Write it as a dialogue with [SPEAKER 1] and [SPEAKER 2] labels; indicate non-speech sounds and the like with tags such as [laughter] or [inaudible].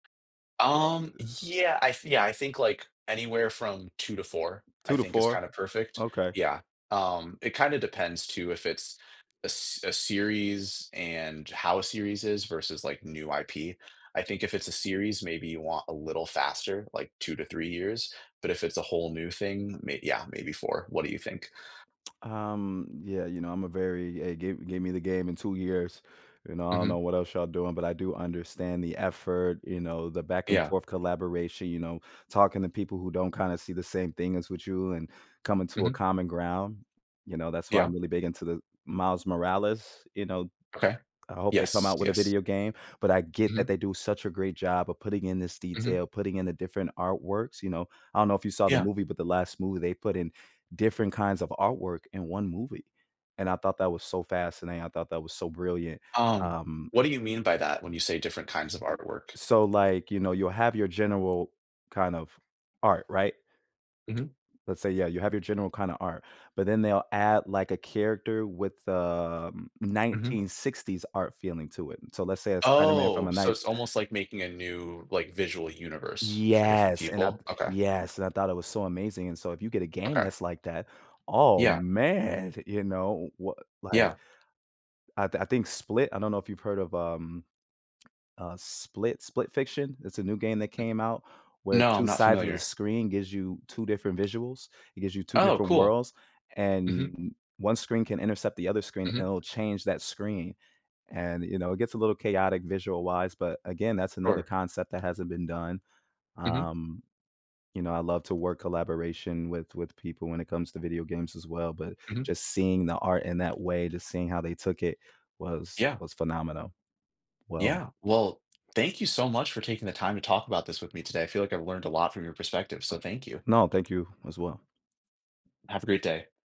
[SPEAKER 1] Um, yeah, I thi yeah, I think, like, anywhere from 2 to 4,
[SPEAKER 2] two
[SPEAKER 1] I
[SPEAKER 2] to
[SPEAKER 1] think, is
[SPEAKER 2] four?
[SPEAKER 1] kinda perfect
[SPEAKER 2] Okay.
[SPEAKER 1] yeah. Um, it kinda depends, too, if it's a s a series, and how a series is, versus, like, the new IP. I think if it's a series, maybe you want a little faster, like, 2 to 3 years, but if it's a whole new thing, may yeah, maybe 4. What do you think?
[SPEAKER 2] [smacks lips] Um, yeah, you know, I'm a very eh, gave gave me the game in 2 years, you know? I don't know
[SPEAKER 1] Mhm.
[SPEAKER 2] what else y'all doing, but I do understand the effort, you know, the back and
[SPEAKER 1] Yeah.
[SPEAKER 2] forth collaboration, you know, talking to people who don't kinda see the same thing as with you, and coming to a
[SPEAKER 1] Mhm.
[SPEAKER 2] common ground, you know? That's why
[SPEAKER 1] Yeah.
[SPEAKER 2] I'm really big into the Miles Morales, you know?
[SPEAKER 1] Okay.
[SPEAKER 2] I hope they come
[SPEAKER 1] Yes,
[SPEAKER 2] out with a
[SPEAKER 1] yes.
[SPEAKER 2] video game, but I get that
[SPEAKER 1] Mhm.
[SPEAKER 2] they do such a great job of putting in this
[SPEAKER 1] Mhm.
[SPEAKER 2] detail, putting in the different artworks, you know? I don't know if you saw the
[SPEAKER 1] Yeah.
[SPEAKER 2] movie, but the last movie, they put in different kinds of artwork in 1 movie. And I thought that was so fascinating, I thought that was so brilliant.
[SPEAKER 1] Um,
[SPEAKER 2] Um
[SPEAKER 1] what do you mean by that, when you say different kinds of artwork?
[SPEAKER 2] So, like, you know, you'll have your general kind of art, right?
[SPEAKER 1] Mhm.
[SPEAKER 2] Let's say, yeah, you have your general kind of art, but then they'll add, like, a character with, um,
[SPEAKER 1] Mhm.
[SPEAKER 2] 1960s art feeling to it, so, let's say, a Spider Man from
[SPEAKER 1] Oh,
[SPEAKER 2] a
[SPEAKER 1] so,
[SPEAKER 2] nine
[SPEAKER 1] it's almost like making a new, like, visual universe for different
[SPEAKER 2] Yes, and I
[SPEAKER 1] people?
[SPEAKER 2] th
[SPEAKER 1] Okay.
[SPEAKER 2] yes, and I thought it was so amazing, and so, if you get a game
[SPEAKER 1] Okay.
[SPEAKER 2] that's like that, oh,
[SPEAKER 1] Yeah.
[SPEAKER 2] man! Th you know, w what, like
[SPEAKER 1] Yeah.
[SPEAKER 2] I thi I think Split I don't know if you've heard of, um, uh, Split Split Fiction? It's a new game that came out, where
[SPEAKER 1] No, I'm
[SPEAKER 2] 2
[SPEAKER 1] not
[SPEAKER 2] sides of the
[SPEAKER 1] familiar.
[SPEAKER 2] screen gives you 2 different visuals? It gives you 2
[SPEAKER 1] Oh,
[SPEAKER 2] different
[SPEAKER 1] cool.
[SPEAKER 2] worlds, and
[SPEAKER 1] Mhm.
[SPEAKER 2] n n 1 screen can intercept the other screen, and
[SPEAKER 1] Mhm.
[SPEAKER 2] it'll change that screen. And, you know, it gets a little chaotic visual-wise, but again, that's another
[SPEAKER 1] Sure.
[SPEAKER 2] concept that hasn't been done.
[SPEAKER 1] Mhm.
[SPEAKER 2] Um, you know, I love to work collaboration with with people, when it comes to video games as well, but,
[SPEAKER 1] Mhm.
[SPEAKER 2] just seeing the art in that way, just seeing how they took it was
[SPEAKER 1] Yeah.
[SPEAKER 2] was phenomenal. Well
[SPEAKER 1] Yeah. Well, thank you so much for taking the time to talk about this with me today, I feel like I've learned a lot from your perspective, so thank you.
[SPEAKER 2] No, thank you, as well.
[SPEAKER 1] Have a great day.